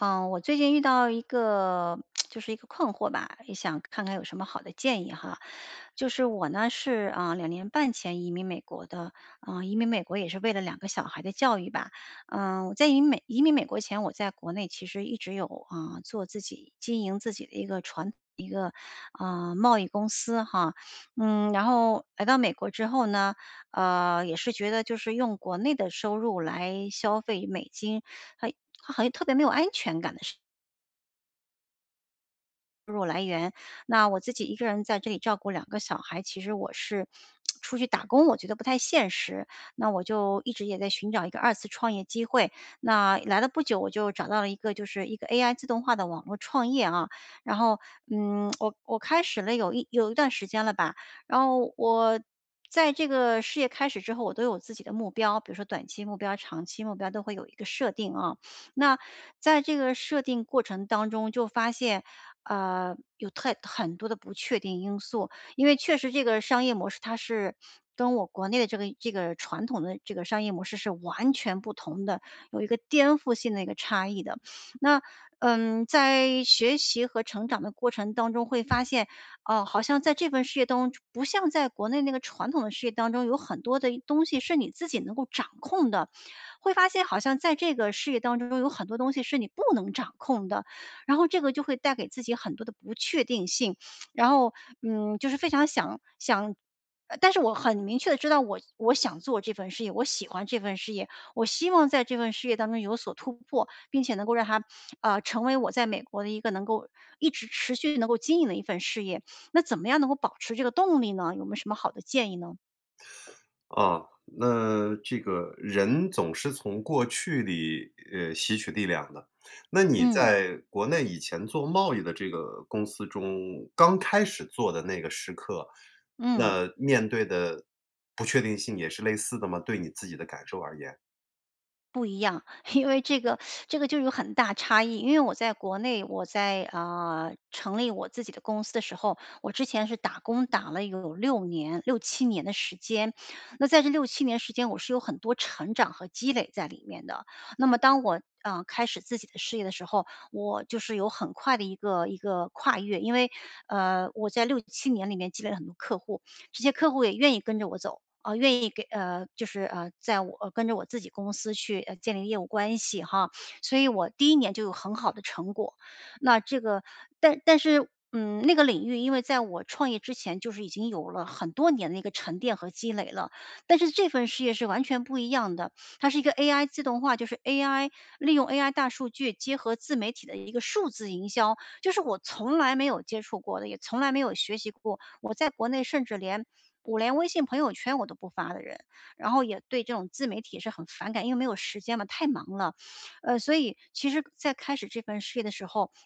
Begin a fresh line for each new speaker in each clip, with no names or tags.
嗯，我最近遇到一个 就是一个困惑吧，也想看看有什么好的建议哈。就是我呢是，呃，2年半前移民美国的，呃，移民美国也是为了两个小孩的教育吧。呃，我在移民美移民美国前，我在国内其实一直有，啊，做自己经营自己的一个传一个，呃，贸易公司哈。嗯，然后来到美国之后呢，呃，也是觉得就是用国内的收入来消费美金，好一好好像特别没有安全感的事入来源，那我自己一个人在这里照顾两个小孩，其实我是 出去打工，我觉得不太现实，那我就一直也在寻找一个二次创业机会。那来了不久，我就找到了一个就是一个 AI 自动化的网络创业啊。然后，嗯，我我开始了有一有一段时间了吧。然后我在这个事业开始之后，我都有自己的目标，比如说短期目标、长期目标，都会有一个设定啊。那在这个设定过程当中就发现，呃，有太很多的不确定因素。因为确实这个商业模式，它是跟我国内的这个这个传统的这个商业模式是完全不同的，有一个颠覆性的一个差异的。那，呃，在学习和成长的过程当中会发现，哦，好像在这份事业当中，就不像在国内那个传统的事业当中，有很多的一东西是你自己能够掌控的。会发现好像在这个事业当中，有很多东西是你不能掌控的，然后这个就会带给自己很多的不确定性。然后，嗯，就是非常想想呃，但是我很明确地知道我我想做这份事业，我喜欢这份事业，我希望在这份事业当中有所突破，并且能够让它，呃，成为
嗯。
我在美国的一个能够一直持续能够经营的一份事业。那怎么样能够保持这个动力呢？有没有什么好的建议呢？
啊，那这个，人总是从过去里，呃，吸取力量的。那你
嗯。
在国内以前做贸易的这个公司中，刚开始做的那个时刻，
嗯。
那面对的不确定性也是类似的吗？对你自己的感受而言。
不一样，因为这个 这个就有很大差异。因为我在国内我在，嗯，成立我自己的公司的时候，我之前是打工打了有6年6-7年的时间。那在这6-7年时间我是有很多成长和积累在里面的。那么当我，嗯，开始自己的事业的时候，我就是有很快的一个一个跨越。因为，呃，我在6-7年里面积累了很多客户，这些客户也愿意跟着我走。嗯，愿意给呃，就是，呃，在我跟着我自己公司去，呃，建立业务关系哈，所以我第1年就有很好的成果。那这个但但是，嗯，那个领域，因为在我创业之前就是已经有了很多年的一个沉淀和积累了。但是这份事业是完全不一样的，它是一个 AI 自动化，就是 AI 利用 AI 大数据结合自媒体的一个数字营销。就是我从来没有接触过的，也从来没有学习过，我在国内甚至连我连微信朋友圈我都不发的人。然后也对这种自媒体是很反感，因为没有时间嘛，太忙了。呃，所以其实在开始这份事业的时候，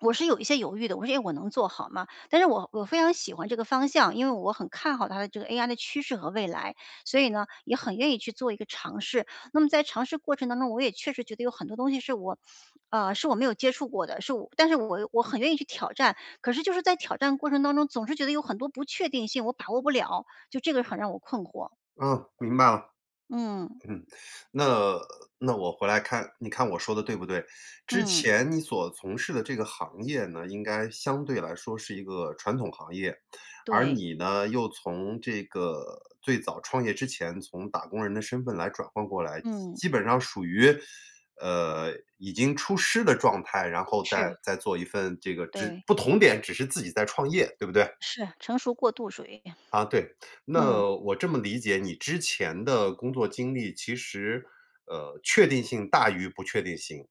我是有一些犹豫的，我说“诶，我能做好吗？”但是我我非常喜欢这个方向，因为我很看好它的这个 AI 的趋势和未来，所以呢，也很愿意去做一个尝试。那么在尝试过程当中，我也确实觉得有很多东西是我，呃，是我没有接触过的，是我但是我我很愿意去挑战，可是就是在挑战过程当中，总是觉得有很多不确定性，我把握不了，就这个很让我困惑。
嗯，明白了。
嗯。
嗯，那那我回来看你看我说得对不对。之
嗯。
前你所从事的这个行业呢，应该相对来说是一个传统行业。而
对。
你呢，又从这个最早创业之前，从打工人的身份来转换过来，基
嗯。
基本上属于，呃，已经出师的状态然后再
是。
再做一份这个只
对。
不同点只是自己在创业，对不对？
是，成熟过渡属于。
嗯，对。那
嗯。
我这么理解你之前的工作经历，其实，呃，确定性大于不确定性。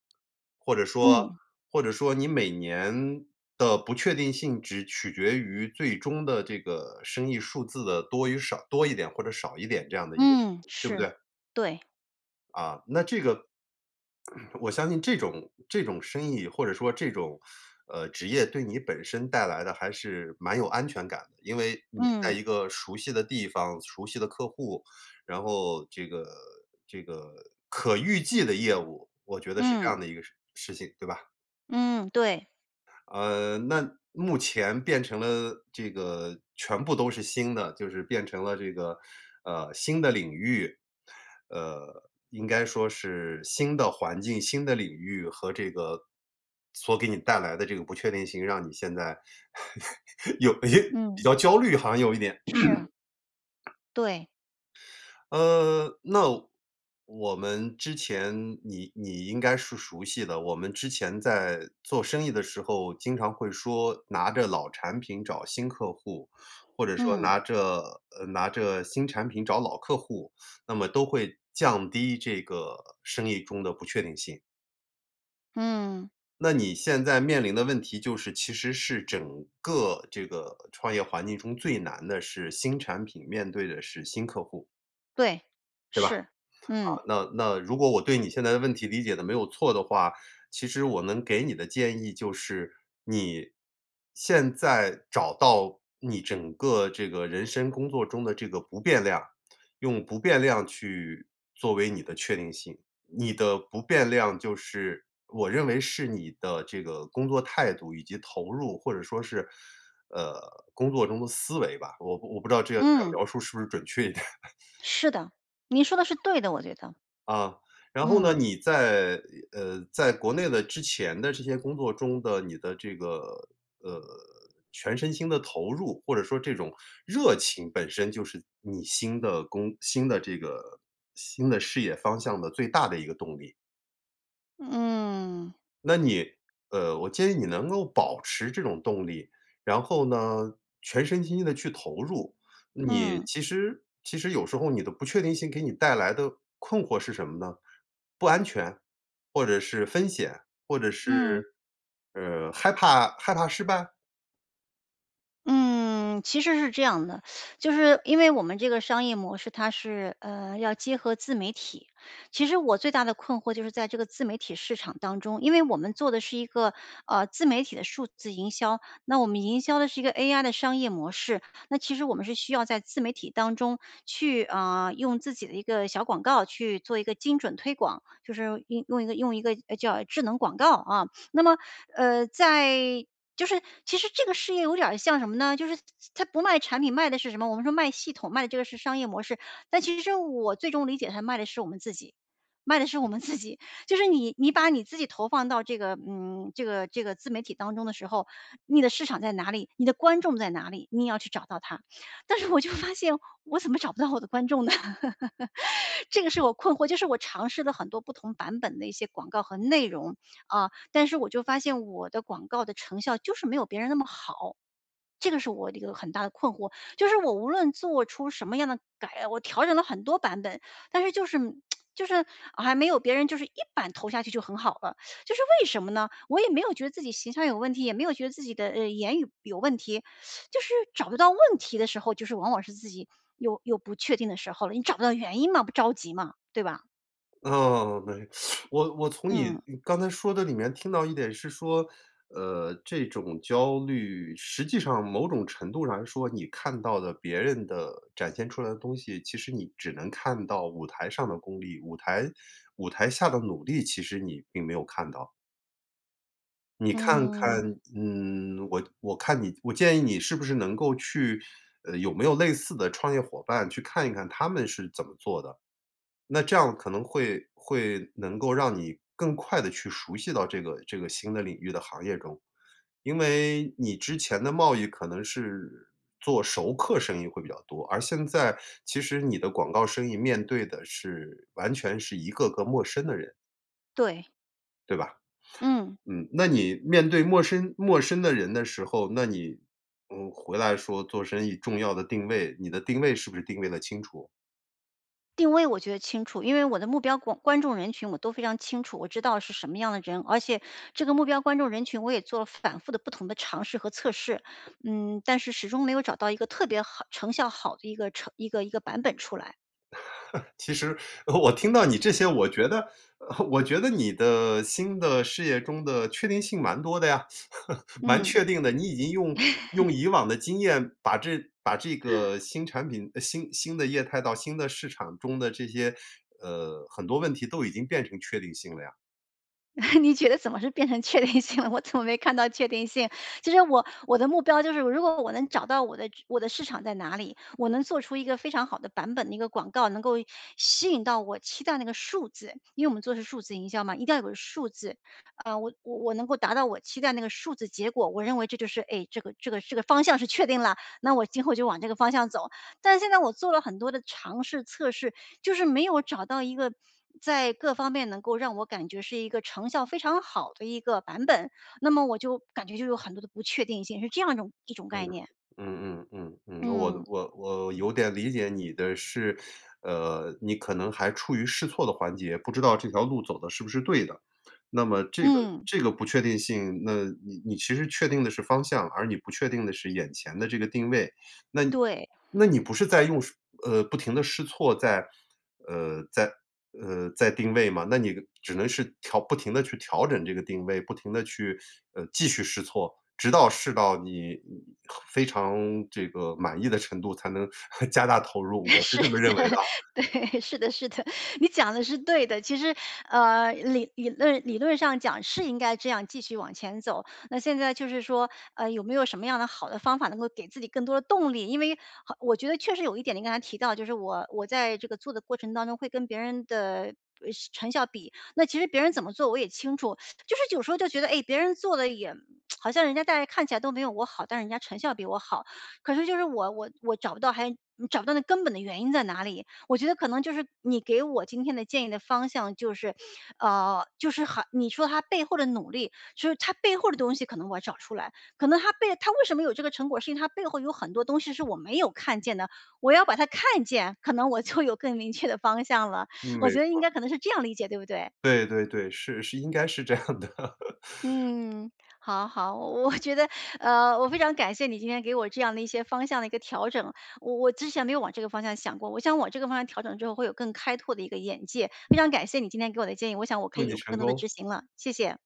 或者说，
嗯。
或者说你每年的不确定性只取决于最终的这个生意数字的多与少多一点或者少一点这样的一个
嗯，
对不
是，
对？
对。
啊，那这个我相信这种这种生意，或者说这种，呃，职业对你本身带来的还是蛮有安全感的。因为你在
嗯。
一个熟悉的地方、熟悉的客户，然后这个这个可预计的业务，我觉得是这
嗯。
样的一个事情，对吧。
嗯，对。
呃，那目前变成了这个全部都是新的，就是变成了这个，呃，新的领域。呃，应该说是新的环境、新的领域和这个所给你带来的这个不确定性，让你现在 有有比
嗯。
较焦虑，好像有一点。
是。对。
呃，那我们之前你你应该是熟悉的，我们之前在做生意的时候，经常会说拿着老产品找新客户，或者说
嗯。
拿着呃，拿着新产品找老客户，那么都会降低这个生意中的不确定性。
嗯。
那你现在面临的问题就是其实是整个这个创业环境中最难的是新产品，面对的是新客户。
对，
对吧？
是。嗯。
嗯，那那如果我对你现在的问题理解得没有错的话，其实我能给你的建议就是，你，现在找到你整个这个人生工作中的这个不变量，用不变量去作为你的确定性。你的不变量就是我认为是你的这个工作态度以及投入，或者说是，呃，工作中的思维吧，我我不知道这样这样
嗯。
描述是不是准确一点。
是的，你说得是对的，我觉得。
嗯。然后呢，
嗯。
你在呃，在国内的之前的这些工作中的你的这个，呃，全身心的投入，或者说这种热情本身就是你新的工新的这个新的事业方向的最大的一个动力。
嗯。
那你呃，我建议你能够保持这种动力。然后呢，全身心地去投入。你
嗯。
其实其实有时候你的不确定性给你带来的困惑是什么呢？不安全，或者是风险。或者
嗯。
是，呃，害怕害怕失败？
嗯，其实是这样的。就是因为我们这个商业模式，它是，呃，要结合自媒体。其实我最大的困惑就是在这个自媒体市场当中，因为我们做的是一个，呃，自媒体的数字营销，那我们营销的是一个 AI 的商业模式，那其实我们是需要在自媒体当中去，嗯，用自己的一个小广告去做一个精准推广，就是用用一个用一个，诶，叫智能广告，嗯。那么，呃，在就是其实这个事业有点儿像什么呢，就是它它不卖产品，卖的是什么？我们说卖系统卖的这个是商业模式。但其实是我最终理解它卖的是我们自己，卖的是我们自己。就是你你把你自己投放到这个，嗯，这个这个自媒体当中的时候，你的市场在哪里、你的观众在哪里，你也要去找到他。但是我就发现，我怎么找不到我的观众呢？这个是我困惑，就是我尝试了很多不同版本的一些广告和内容，嗯。但是我就发现我的广告的成效就是没有别人那么好。这个是我的一个很大的困惑，就是我无论做出什么样的改我调整了很多版本。但是就是 就是还没有别人就是一版投下去就很好了，就是为什么呢？我也没有觉得自己形象有问题，也没有觉得自己的，呃，言语有问题。就是找不到问题的时候，就是往往是自己有有不确定的时候了，你找不到原因嘛，不着急嘛，对吧？
嗯，没。我我从你
嗯。
你刚才说的里面听到一点是说，呃，这种焦虑，实际上某种程度上来说，你看到的别人的展现出来的东西，其实你只能看到舞台上的功力。舞台舞台下的努力，其实你并没有看到。你看
嗯。
看，嗯，我我看你，我建议你是不是能够去，呃，有没有类似的创业伙伴去看一看他们是怎么做的。那这样可能会会能够让你更快地去熟悉到这个这个新的领域的行业中。因为你之前的贸易可能是，做熟客生意会比较多，而现在，其实你的广告生意面对的是完全是一个个陌生的人。
对。
对吧？
嗯。
嗯，那你面对陌生陌生的人的时候，那你，嗯，回来说做生意重要的定位，你的定位是不是定位得清楚？
定位我觉得清楚，因为我的目标观观众人群我都非常清楚，我知道是什么样的人。而且这个目标观众人群我也做了反复地不同的尝试和测试，嗯，但是始终没有找到一个特别好成效好的一个成一个一个版本出来。
其实，呃，我听到你这些，我觉得 我觉得你的新的事业中的确定性蛮多的呀，蛮
嗯。
确定的。你已经用用 以往的经验把这把这个 新产品呃，新新新的业态到新的市场中的这些呃，很多问题都已经变成确定性了呀。
你觉得怎么是变成确定性了？我怎么没看到确定性？其实我我的目标就是，如果我能找到我的直我的市场在哪里，我能做出一个非常好的版本的一个广告，能够吸引到我期待那个数字。因为我们做的是数字营销嘛，一定要有个数字。呃，我我我能够达到我期待那个数字结果，我认为这就是，哎，这个这个这个方向是确定了，那我今后就往这个方向走。但是现在我做了很多的尝试、测试，就是没有找到一个在各方面能够让我感觉是一个成效非常好的一个版本。那么我就感觉就有很多的不确定性，是这样一种一种
嗯，
概念。
嗯嗯嗯嗯，我
嗯。
我我有点理解你的是，呃，你可能还处于试错的环节，不知道这条路走得是不是对的。那么这个
嗯。
这个不确定性，那你你其实确定的是方向，而你不确定的是眼前的这个定位。那
对。
那你不是在用呃，不停地试错，在呃，在呃，在定位吗？那你只能是调不停地去调整这个定位，不停地去，呃，继续试错，直到试到你，呃，非常这个满意的程度才能 加大投入，我是
是
这么
的，
认为的啊。
对。是的是的。你讲的是对的。其实，呃，理理论理论上讲是应该这样继续往前走，那现在就是说，呃，有没有什么样的好的方法能够给自己更多的动力？因为好我觉得确实有一点，你刚才提到，就是我我在这个做的过程当中会跟别人的，不呃，成效比，那其实别人怎么做我也清楚。就是有时候就觉得，诶，别人做的也 好像人家在看起来都没有我好，但是人家成效比我好。可是就是我我我找不到还找不到那根本的原因在哪里。我觉得可能就是你给我今天的建议的方向就是呃，就是还你说他背后的努力，就是他背后的东西可能我要找出来。可能他背他为什么有这个成果，是因为他背后有很多东西是我没有看见的，我要把它看见，可能我就有更明确的方向了。
嗯，
我
没
觉得
错
应
儿。
该可能是这样理解，对不对？
对对对，是是应该是这样的。
嗯，好好，我我觉得，呃，我非常感谢你今天给我这样的一些方向的一个调整。我我之前没有往这个方向想过，我想往这个方向调整之后会有更开拓的一个眼界。非常感谢你今天给我的建议，我想我可
祝
以
你
有更
成
多的
功。
执行了，谢谢。